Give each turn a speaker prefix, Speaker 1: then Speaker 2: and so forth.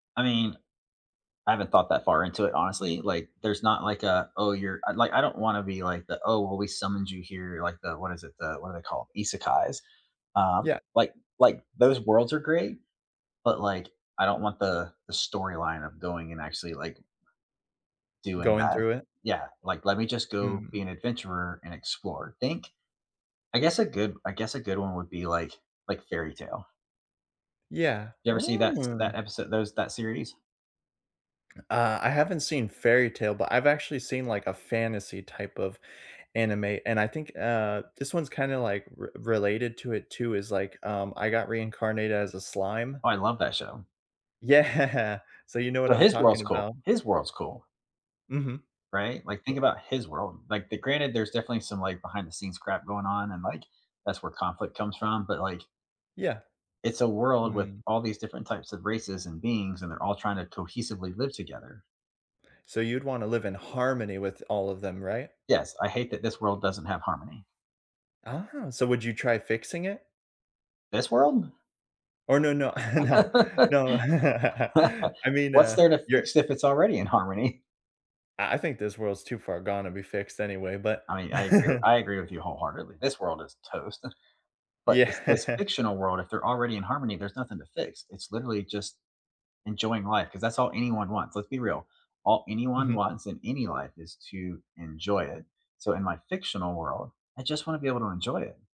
Speaker 1: I mean, I haven't thought that far into it, honestly, like, there's not like a, "Oh, you're" like, I don't wanna be like the, "Oh, well, we summoned you here," like the what is it the what are they call- isekais? Um,
Speaker 2: Yeah.
Speaker 1: like like, those worlds are great, but, like, I don't want the the storyline of going and actually, like doing
Speaker 2: Going
Speaker 1: that.
Speaker 2: through it?
Speaker 1: Yeah, like, let me just go
Speaker 2: Mm.
Speaker 1: be an adventurer and explore, think I guess a good I guess a good one would be, like like, Fairytale.
Speaker 2: Yeah.
Speaker 1: You ever see that s
Speaker 2: Oh.
Speaker 1: that episode those that series?
Speaker 2: Uh, I haven't seen Fairytale, but I've actually seen, like, a fantasy type of anime, and I think, uh, this one's kinda, like, r related to it, too is, like, um, I Got Reincarnated as a Slime.
Speaker 1: Oh, I love that show.
Speaker 2: Yeah, so you know what
Speaker 1: So
Speaker 2: I'm
Speaker 1: his
Speaker 2: talking
Speaker 1: world's cool.
Speaker 2: about.
Speaker 1: His world's cool.
Speaker 2: Mhm.
Speaker 1: Right? Like, think
Speaker 2: Bu
Speaker 1: about his world, like the granted, there's definitely some, like, behind-the-scenes crap going on, and like, that's where conflict comes from, but like
Speaker 2: Yeah.
Speaker 1: it's a world with
Speaker 2: Hmm.
Speaker 1: all these different types of races and beings, and they're all trying to cohesively live together.
Speaker 2: So, you'd wanna live in harmony with all of them, right?
Speaker 1: Yes, I hate that this world doesn't have harmony.
Speaker 2: Oh, so would you try fixing it?
Speaker 1: This world?
Speaker 2: Or, no, no, no, no. I mean,
Speaker 1: What's
Speaker 2: uh,
Speaker 1: there to
Speaker 2: you're
Speaker 1: fix, if it's already in harmony?
Speaker 2: I I think this world's too far gone to be fixed anyway, but
Speaker 1: I mean, I agree with I agree with you wholeheartedly. This world is toast, but this this
Speaker 2: Yeah.
Speaker 1: fictional world, if they're already in harmony, there's nothing to fix. It's literally just enjoying life, 'cause that's all anyone wants. Let's be real, all anyone
Speaker 2: Mhm.
Speaker 1: wants in any life is to enjoy it, so in my fictional world, I just wanna be able to enjoy it.